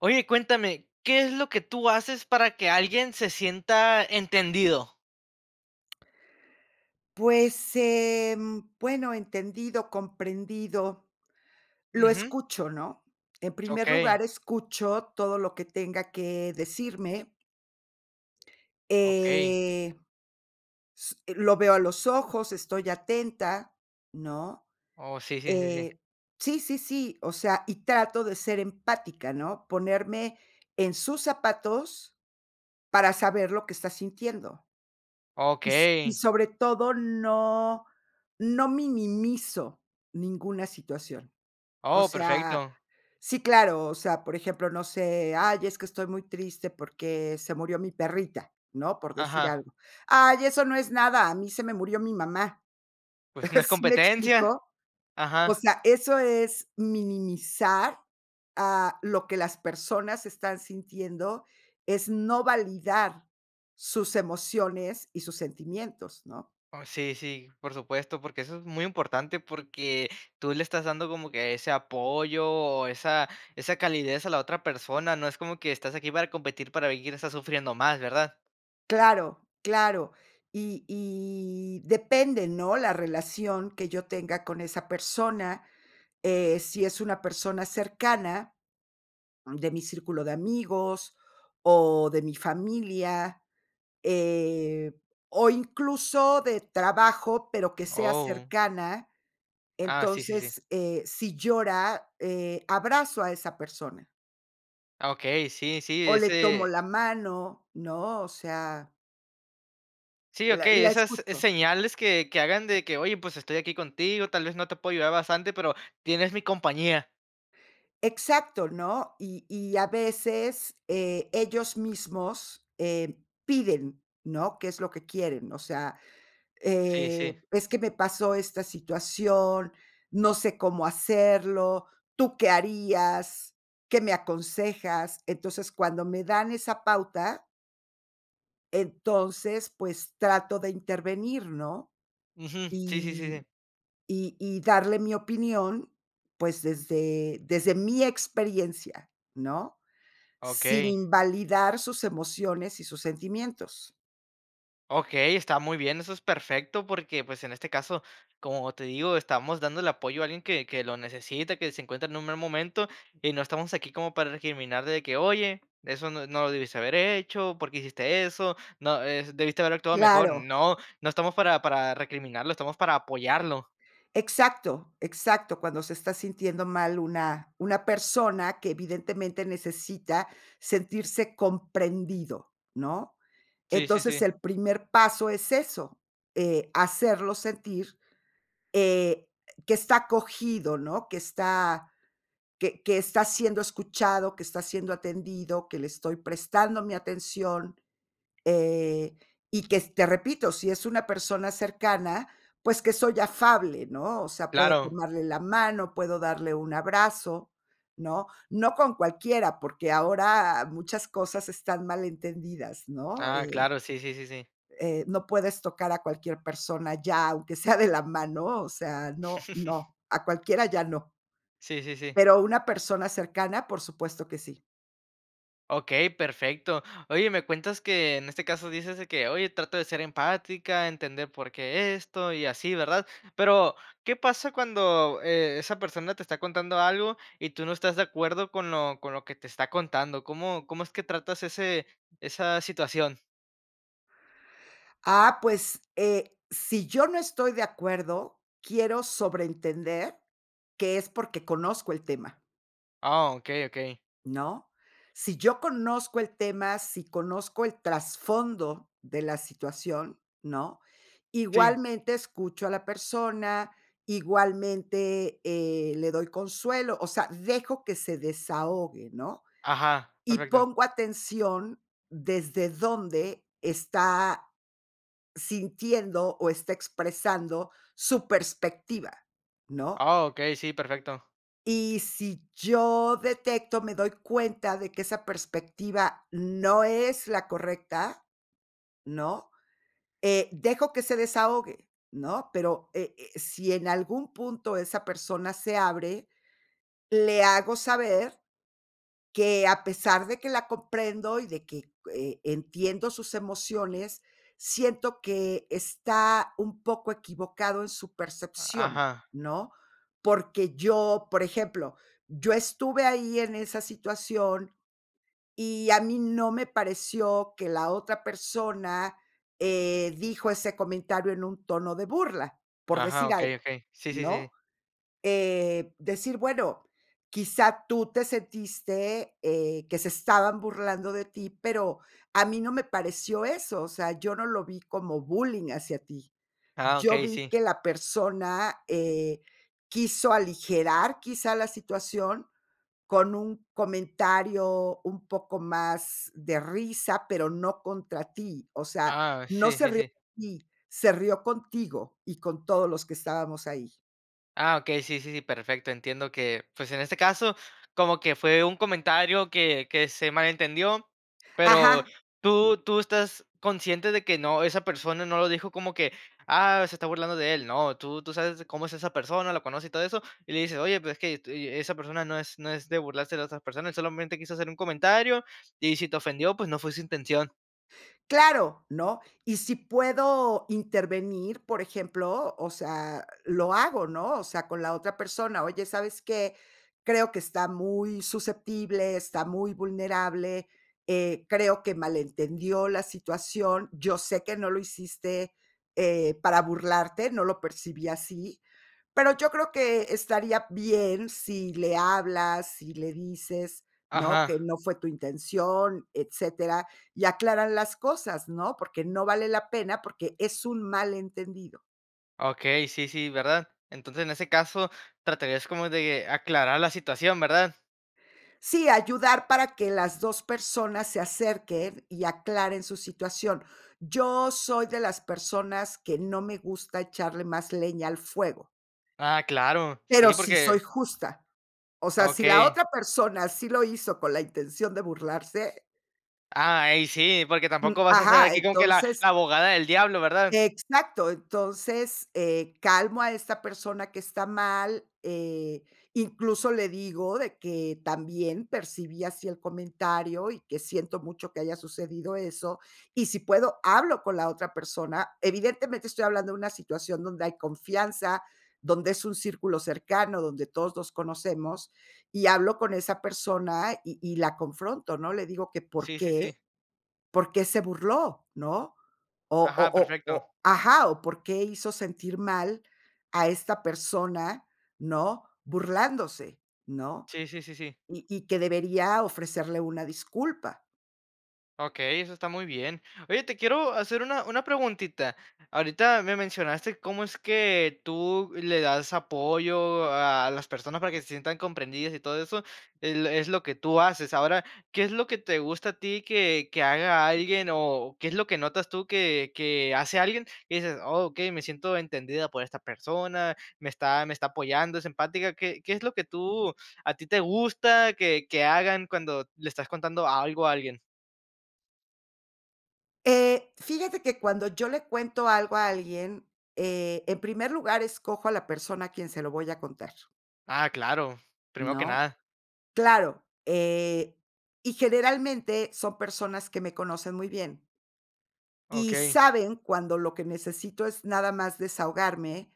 Oye, cuéntame, ¿qué es lo que tú haces para que alguien se sienta entendido? Pues, em, bueno, entendido, comprendido. Lo Ujú. escucho, ¿no? En primer Okey. lugar, escucho todo lo que tenga que decirme. Okey. Eh, s lo veo a los ojos, estoy atenta, ¿no? Oh, sí, sí, sí, sí. Eh, sí, sí, sí, o sea, y trato de ser empática, ¿no? Ponerme en sus zapatos para saber lo que está sintiendo. Y so y Okey. sobre todo, no no minimizo ninguna situación. O Oh, sea, perfecto. sí, claro, o sea, por ejemplo, no sé, "Ay, es que estoy muy triste porque se murió mi perrita", ¿no? Por decir Ajá. algo. "Ay, eso no es nada, a mí se me murió mi mamá". Pues, si no es ¿Sí me competencia. explico? O Ajá. sea, eso es minimizar a lo que las personas están sintiendo. Es no validar sus emociones y sus sentimientos, ¿no? Oh. Sí, sí, por supuesto, porque eso es muy importante, porque tú le estás dando como que ese apoyo, o esa esa calidez a la otra persona, no es como que estás aquí para competir, para ver quién está sufriendo más, ¿verdad? Claro, claro. Y y depende, ¿no? La relación que yo tenga con esa persona, eh, si es una persona cercana, mm, de mi círculo de amigos o de mi familia, eh, o incluso, de trabajo, pero que sea Oh. cercana. Ah, sí, sí, sí. Entonces, eh, si llora, eh, abrazo a esa persona. Ah, okey, sí, sí, O le tomo ese la mano, ¿no? O sea Sí, la okey, la esas escucho. señales que que hagan de que, oye, pues, estoy aquí contigo, tal vez no te puedo ayudar bastante, pero tienes mi compañía. Exacto, ¿no? Y y a veces, eh, ellos mismos, eh, piden, ¿no? Qué es lo que quieren, o sea, Sí, eh, sí. es que me pasó esta situación, no sé cómo hacerlo, ¿tú qué harías? ¿Qué me aconsejas? Entonces, cuando me dan esa pauta entonces, pues, trato de intervenir, ¿no? Ujú. Sí, sí, sí. Y y y darle mi opinión, pues, desde desde mi experiencia, ¿no? Sin Okey. invalidar sus emociones y sus sentimientos. Okey, está muy bien, eso es perfecto porque, pues, en este caso, como te digo, estamos dando el apoyo a alguien que que lo necesita, que se encuentra en un mal momento. Y no estamos aquí como para recriminar de que: "Oye, eso no no lo debiste haber hecho, por qué hiciste eso", ¿no? Eh, debiste haber actuado mejor. Claro. No no estamos para para recriminarlo, estamos para apoyarlo. Exacto exacto, cuando se está sintiendo mal una una persona que evidentemente necesita sentirse comprendido, ¿no? Sí, sí, Entonces, sí. el primer paso es eso, eh, hacerlo sentir, eh, que está acogido, ¿no? Que está que que está siendo escuchado, que está siendo atendido, que le estoy prestando mi atención, eh, y que s te repito, sí es una persona cercana, pues, que soy afable, ¿no? O sea, puedo Claro. tomarle la mano, puedo darle un abrazo, ¿no? No con cualquiera, porque ahora muchas cosas están mal entendidas, ¿no? Ah, Eh, claro, sí, sí, sí, sí. eh, no puedes tocar a cualquier persona ya, aunque sea de la mano, o sea, no no, a cualquiera ya no. Sí, sí, sí. Pero una persona cercana, por supuesto que sí. Okey, perfecto. Oye, me cuentas que en este caso dices de que: "Oye, trato de ser empática, entender por qué esto y así", ¿verdad? Pero, ¿qué pasa cuando, eh, esa persona te está contando algo, y tú no estás de acuerdo con lo con lo que te está contando? ¿Cómo cómo es que tratas ese esa situación? Ah, pues, eh, sí yo no estoy de acuerdo, quiero sobrentender que es porque conozco el tema. Ah, okey, okey. ¿No? Sí yo conozco el tema, sí conozco el trasfondo de la situación, ¿no? Sí. Igualmente escucho a la persona, igualmente, eh, le doy consuelo, o sea, dejo que se desahogue, ¿no? Ajá, Y perfecto. pongo atención desde dónde está sintiendo, o está expresando su perspectiva, ¿no? Ah, okey, sí, perfecto. Y sí yo detecto, me doy cuenta de que esa perspectiva no es la correcta, ¿no? Eh, dejo que se desahogue, ¿no? Pero, e eh, sí en algún punto esa persona se abre, le hago saber que a pesar de que la comprendo y de que, eh, entiendo sus emociones, siento que está un poco equivocado en su percepción, Ajá. ¿no? Porque yo, por ejemplo, yo estuve ahí en esa situación, y a mí no me pareció que la otra persona, eh, dijo ese comentario en un tono de burla, por Ajá, decir okey, algo, okey. Sí, sí, sí. ¿no? Eh, decir, bueno, quizá, tú te sentiste, eh, que se estaban burlando de ti, pero a mí no me pareció eso, o sea, yo no lo vi como bullying hacia ti. Ah Yo okey, vi sí. que la persona, eh, quiso aligerar quizá la situación con un comentario un poco más de risa, pero no contra ti. O sea, Ah, no sí, se sí, río sí. de ti, se rio contigo y con todos los que estábamos ahí. Ah, okey, sí, sí, sí, perfecto. Entiendo que, pues, en este caso, como que fue un comentario que que se malentendió, pero Ajá. tú tú estás consciente de que no, esa persona no lo dijo como que: "Ah, se está burlando de él". No, tú tú sabes cómo es esa persona, lo conoces y todo eso, y le dices, "Oye, pero es que est y esa persona no es no es de burlarse de otras personas, solamente quiso hacer un comentario, y si te ofendió, pues no fue su intención". Claro, ¿no? Y si puedo intervenir, por ejemplo, o sea, lo hago, ¿no? O sea, con la otra persona: "Oye, ¿sabes qué? creo que está muy susceptible, está muy vulnerable, eh, creo que malentendió la situación. Yo sé que no lo hiciste, eh, para burlarte, no lo percibí así, pero yo creo que estaría bien si le hablas, si le dices, ¿no? que Ajá. no fue tu intención, etcétera, y aclaran las cosas, ¿no? Porque no vale la pena, porque es un malentendido". Okey, sí, sí, ¿verdad? Entonces, en ese caso, tratarías como de aclarar la situación, ¿verdad? Sí, ayudar para que las 2 personas se acerquen y aclaren su situación. Yo soy de las personas que no me gusta echarle más leña al fuego. Ah, claro, Pero, sí, sí soy porque justa, o sea, si la Okey. otra persona sí lo hizo con la intención de burlarse Ah, ey, sí, porque tampoco Mm, vas a ser ajá, aquí con que la entonces la abogada del diablo, ¿verdad? exacto, entonces, eh, calmo a esta persona que está mal, eh, incluso, le digo de que: "También percibí así el comentario, y que siento mucho que haya sucedido eso". Y si puedo, hablo con la otra persona. Evidentemente, estoy hablando de una situación donde hay confianza, donde es un círculo cercano, donde todos nos conocemos, y hablo con esa persona, y y la confronto, ¿no? Le digo: "Que por Sí, sí, sí. qué por qué se burló", ¿no? Ajá, perfecto. O-o-o-o ajá, o por qué hizo sentir mal a esta persona, ¿no?, burlándose, ¿no? Sí, sí, sí, sí. Y y que debería ofrecerle una disculpa. Okey, eso está muy bien. Oye, te quiero hacer una, una preguntita. Ahorita me mencionaste cómo es que tú le das apoyo a a las personas para que se sientan comprendidas y todo eso, el es lo es lo que tú haces. Ahora, ¿qué es lo que te gusta a ti que, que haga alguien o qué es lo que notas tú que, que hace alguien, dices: "Okey, me siento entendida por esta persona, me está me está apoyando, es empática"? ¿Qué qué es lo que tú a ti te gusta que que hagan cuando le estás contando algo a alguien? Eh, fíjate que cuando yo le cuento algo a alguien, eh, en primer lugar, escojo a la persona a quien se lo voy a contar. Ah, claro, primero que ¿No? nada. Claro, eh, y generalmente son personas que me conocen muy bien y Okey s. saben cuando lo que necesito es nada más desahogarme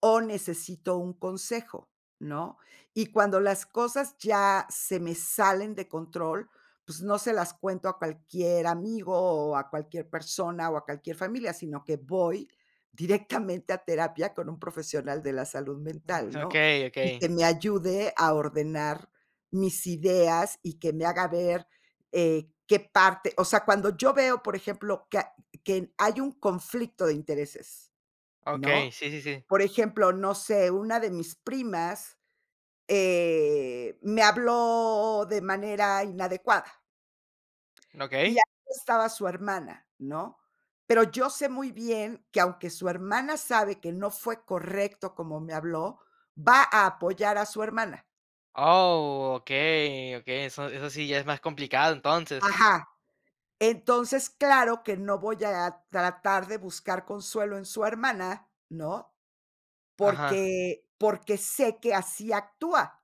o necesito un consejo, ¿no? Y cuando las cosas ya se me salen de control, pues no se las cuento a cualquier amigo o a cualquier persona o a cualquier familia, sino que voy directamente a terapia con un profesional de la salud mental, ¿no? Okey, Y okey. que me ayude a ordenar mis ideas y que me haga ver, eh, qué parte, o sea, cuando yo veo, por ejemplo, que a que n hay un conflicto de intereses, Okey, ¿no? sí, sí, sí. Por ejemplo, no sé, una de mis primas, eh, me habló de manera inadecuada y Okey. ahí estaba su hermana, ¿no? Pero yo sé muy bien que, aunque su hermana sabe que no fue correcto cómo me habló, va a apoyar a su hermana. Oh, okey, okey, eso eso sí ya es más complicado entonces. Ajá. Entonces, claro que no voy a tratar de buscar consuelo en su hermana, ¿no? Ajá. Porque porque sé que así actúa.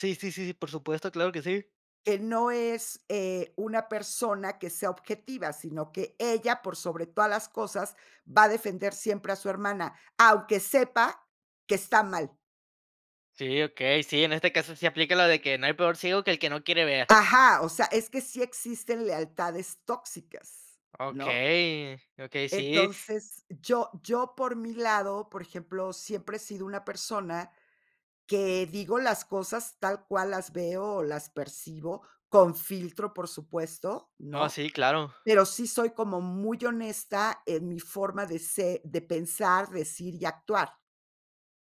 Sí, sí, sí, por supuesto, claro que sí. Que no es, eh, una persona que sea objetiva, sino que ella, por sobre todas las cosas, va a defender siempre a su hermana, aunque sepa que está mal. Sí, okey. Sí, en este caso, sí aplica lo de que no hay peor ciego que el que no quiere ver. Ajá, o sea, es que sí existen lealtades tóxicas, ¿no? Okey, okey, sí. Entonces, yo yo por mi lado, por ejemplo, siempre he sido una persona que digo las cosas tal cual las veo, o las percibo con filtro, por supuesto, Oh, ¿no? sí, claro. Pero sí soy como muy honesta en mi forma de se de pensar, decir y actuar,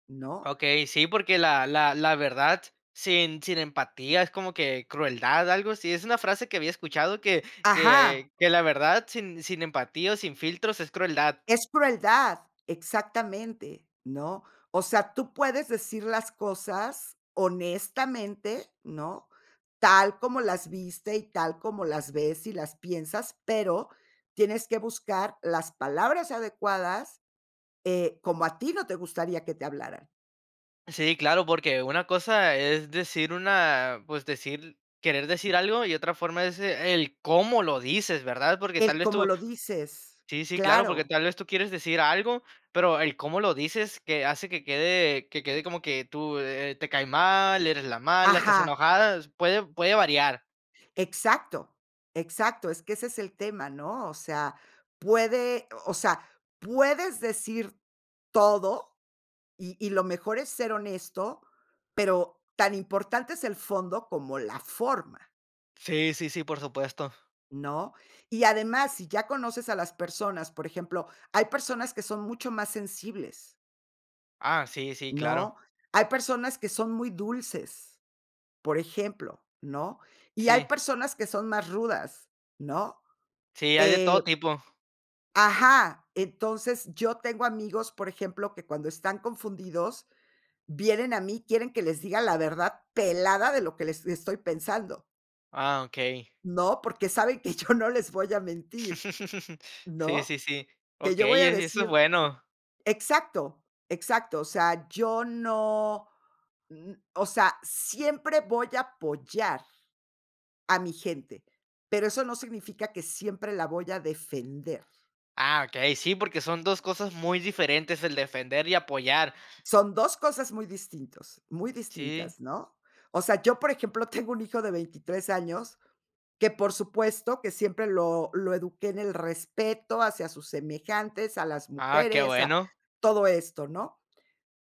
¿no? Okey, sí, porque la la la verdad, sin sin empatía, es como que crueldad, algo así, es una frase que había escuchado que Ajá. que que la verdad, sin sin empatía, o sin filtros, es crueldad. Es crueldad, exactamente, ¿no? O sea, tú puedes decir las cosas honestamente, ¿no? Tal como las viste, y tal como las ves y las piensas, pero tienes que buscar las palabras adecuadas eh, como a ti no te gustaría que te hablaran. Sí, claro, porque una cosa es decir una pues decir querer decir algo, y otra forma es el cómo lo dices, ¿verdad? Porque, tal El vez cómo tú lo dices, sí, sí, claro, porque claro. tal vez tú quieres decir algo, pero el cómo lo dices que hace que quede que quede como que tú, eh, te cae mal, eres la mala, estás Ajá. enojada, puede puede variar. Exacto. Exacto. Es que ese es el tema, ¿no? O sea, puede, o sea, puedes decir todo, y y lo mejor es ser honesto, pero tan importante es el fondo como la forma. Sí, sí, sí. Por supuesto. ¿No? Y además, si ya conoces a las personas, por ejemplo, hay personas que son mucho más sensibles. Ah, sí, sí. ¿No? Claro. Hay personas que son muy dulces, por ejemplo, ¿no? Y hay Sí. personas que son más rudas, ¿no? Sí, hay de Eh todo tipo. Ajá. Entonces, yo tengo amigos, por ejemplo, que cuando están confundidos, vienen a mí, quieren que les diga la verdad pelada de lo que les estoy pensando. Ah, okey. ¿No?, porque saben que yo no les voy a mentir, Sí, sí, ¿no? sí. Que yo voy Okey, a e eso es decir bueno. exacto, exacto, o sea, yo no, mm, o sea, siempre voy a apoyar a mi gente, pero eso no significa que siempre la voy a defender. Ah, okey. Sí, porque son 2 cosas muy diferentes, el defender y apoyar. Son 2 cosas muy distintos muy Sí. distintas, ¿no? O sea, yo, por ejemplo, tengo un hijo de 23 años que, por supuesto, que siempre lo lo eduqué en el respeto hacia sus semejantes, a las Ah, qué mujeres, a bueno. todo esto, ¿no?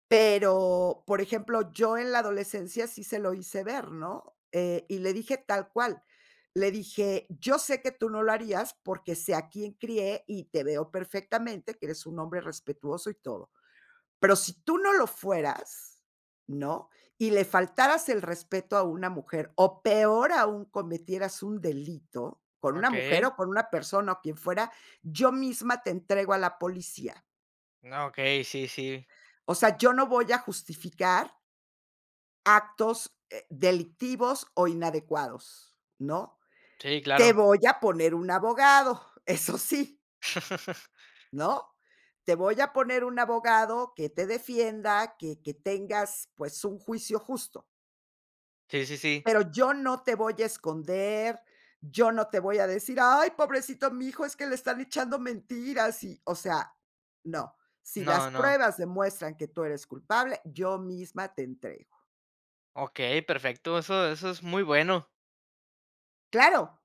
Pero, por ejemplo, yo en la adolescencia sí se lo hice ver, ¿no? Eh, y le dije tal cual. Le dije: "Yo sé que tú no lo harías porque sé a quién crié y te veo perfectamente que eres un hombre respetuoso y todo. Pero si tú no lo fueras", ¿no?, "y le faltaras el respeto a una mujer, o peor aún, cometieras un delito con una mujer Okey. o con una persona, o quien fuera, yo misma te entrego a la policía". Okey. Sí, sí. O sea, yo no voy a justificar actos, eh, delictivos o inadecuados, ¿no? Sí, Te claro. voy a poner un abogado, eso sí. ¿No? Te voy a poner un abogado que te defienda. Que que tengas, pues, un juicio justo. Sí, sí, sí. Pero, yo no te voy a esconder, yo no te voy a decir: "Ay, pobrecito mijo, es que le están echando mentiras", y, o sea, no. Sí No, las no. pruebas demuestran que tú eres culpable, yo misma te entrego. Okey, perfecto. Eso eso es muy bueno. Claro,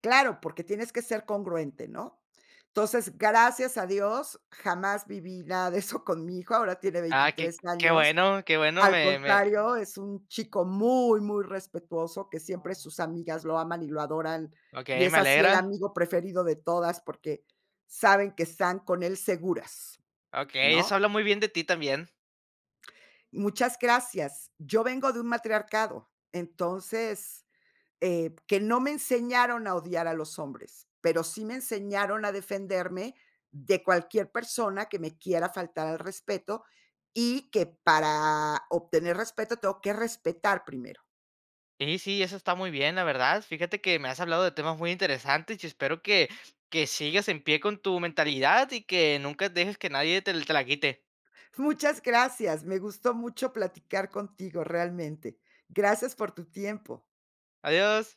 claro, porque tienes que ser congruente, ¿no? Entonces, gracias a Dios, jamás viví nada de eso con mi hijo, ahora tiene Ah, que 23 que años. bueno que bueno Al me me contrario, es un chico muy muy respetuoso, que siempre Ah. sus amigas lo aman y lo adoran. Y Okey, es me así el alegra. amigo preferido de todas, porque saben que están con él seguras, Okey, eso ¿no? habla muy bien de ti también. Muchas gracias. Yo vengo de un matriarcado, entonces, eh, que no me enseñaron a odiar a los hombres, pero sí me enseñaron a defenderme de cualquier persona que me quiera faltar al respeto, y que para obtener respeto tengo que respetar primero. Sí, sí, eso está muy bien, la verdad. Fíjate que me has hablado de temas muy interesantes, y espero que que sigas en pie con tu mentalidad y que nunca dejes que nadie te te la quite. Muchas gracias, me gustó mucho platicar contigo realmente. Gracias por tu tiempo. Adiós.